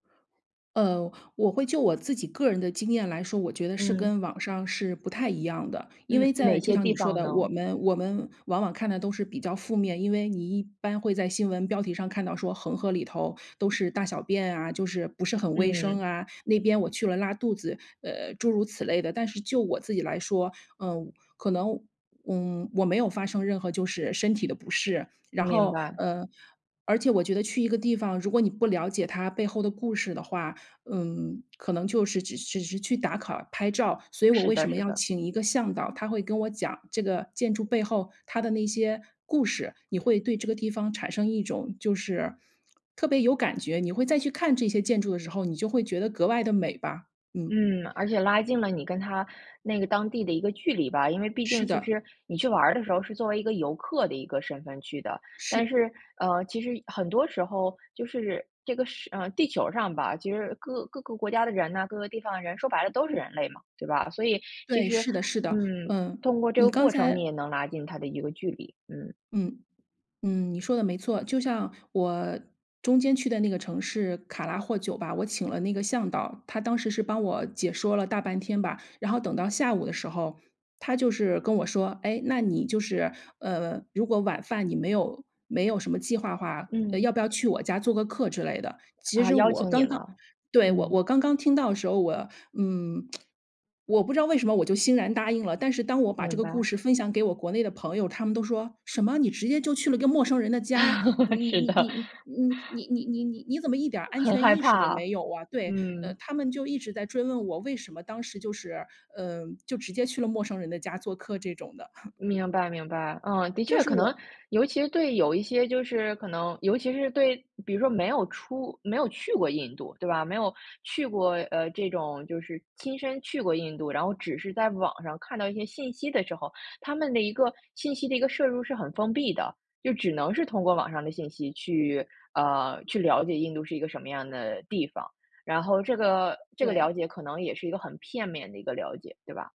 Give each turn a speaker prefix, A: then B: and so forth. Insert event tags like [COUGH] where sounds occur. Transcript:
A: 呃，我会就我自己个人的经验来说，我觉得是跟
B: 嗯。
A: 网上是不太一样的。因为
B: 嗯，
A: 在
B: 哪
A: 就
B: 些
A: 像
B: 地
A: 你说
B: 方
A: 的，我
B: 呢？
A: 们我们往往看的都是比较负面，因为你一般会在新闻标题上看到说恒河里头都是大小便啊，就是不是很卫生
B: 嗯。
A: 啊，那边我去了拉肚子，呃，诸如此类的。但是就我自己来说，嗯，可能，嗯，我没有发生任何就是身体的不适。然
B: 明
A: 后，
B: 白。
A: 呃，而且我觉得去一个地方，如果你不了解它背后的故事的话，嗯，可能就是只只是去打卡、拍照。所以我
B: 是
A: 为
B: 的
A: 什么
B: 是
A: 要
B: 的。
A: 请一个向导，他会跟我讲这个建筑背后它的那些故事。你会对这个地方产生一种就是特别有感觉，你会再去看这些建筑的时候，你就会觉得格外的美吧。嗯。
B: 嗯，而且拉近了你跟它那个当地的一个距离吧。因为毕
A: 是
B: 竟其
A: 的，
B: 实你去玩儿的时候，是作为一个游客的一个身份去的。
A: 是
B: 但是，呃，其实很多时候就是这个是呃，地球上吧，其实各各个国家的人呢，各个地方的人说白了都是人类嘛，对吧？所以其
A: 对，
B: 实，
A: 是的是的，
B: 嗯，
A: 嗯，
B: 通过这
A: 你
B: 个
A: 刚
B: 过程，你
A: 才
B: 也能拉近它的一个距离，嗯。
A: 嗯，嗯，你说的没错。就像我中间去的那个城市卡拉霍酒吧，我请了那个向导。他当时是帮我解说了大半天吧，然后等到下午的时候，他就是跟我说：“诶，那你就是，呃，如果晚饭你没有没有什么计划的话，呃，要
B: 嗯。
A: 不要去我家做个客之类的。“其
B: 啊，
A: 实
B: 邀
A: 我
B: 请你
A: 刚刚
B: 了，
A: 对，我我
B: 嗯。
A: 刚刚听到的时候，我嗯，[SMACKS LIPS] 我不知道为什么我就欣然答应了。但是当我把这
B: 明
A: 个故
B: 白。
A: 事分享给我国内的朋友，他们都说：“什么，你直接就去了一个陌生人的家？你
B: [LAUGHS] 是
A: 你
B: 的。
A: 你你
B: [CHUCKLES]
A: 你你你你你你你怎么一点安
B: 很
A: 全
B: 害
A: 意识都
B: 怕，
A: 没有啊，“对，呃，
B: 嗯。
A: 他们就一直在追问我，为什么当时就是，呃，就直接去了陌生人的家做客这种的。[CHUCKLES]
B: 明白明白。嗯，的
A: 但
B: 确
A: 是
B: 可能
A: 我
B: 尤其对有一些就是可能尤其是对比如说没有出没有去过印度对吧，没有去过，呃，这种就是亲身去过印度。然后只是在网上看到一些信息的时候，他们的一个信息的一个摄入是很封闭的，就只能是通过网上的信息去，呃，去了解印度是一个什么样的地方。然后这个这个了
A: 对。
B: 解可能也是一个很片面的一个了解，对吧？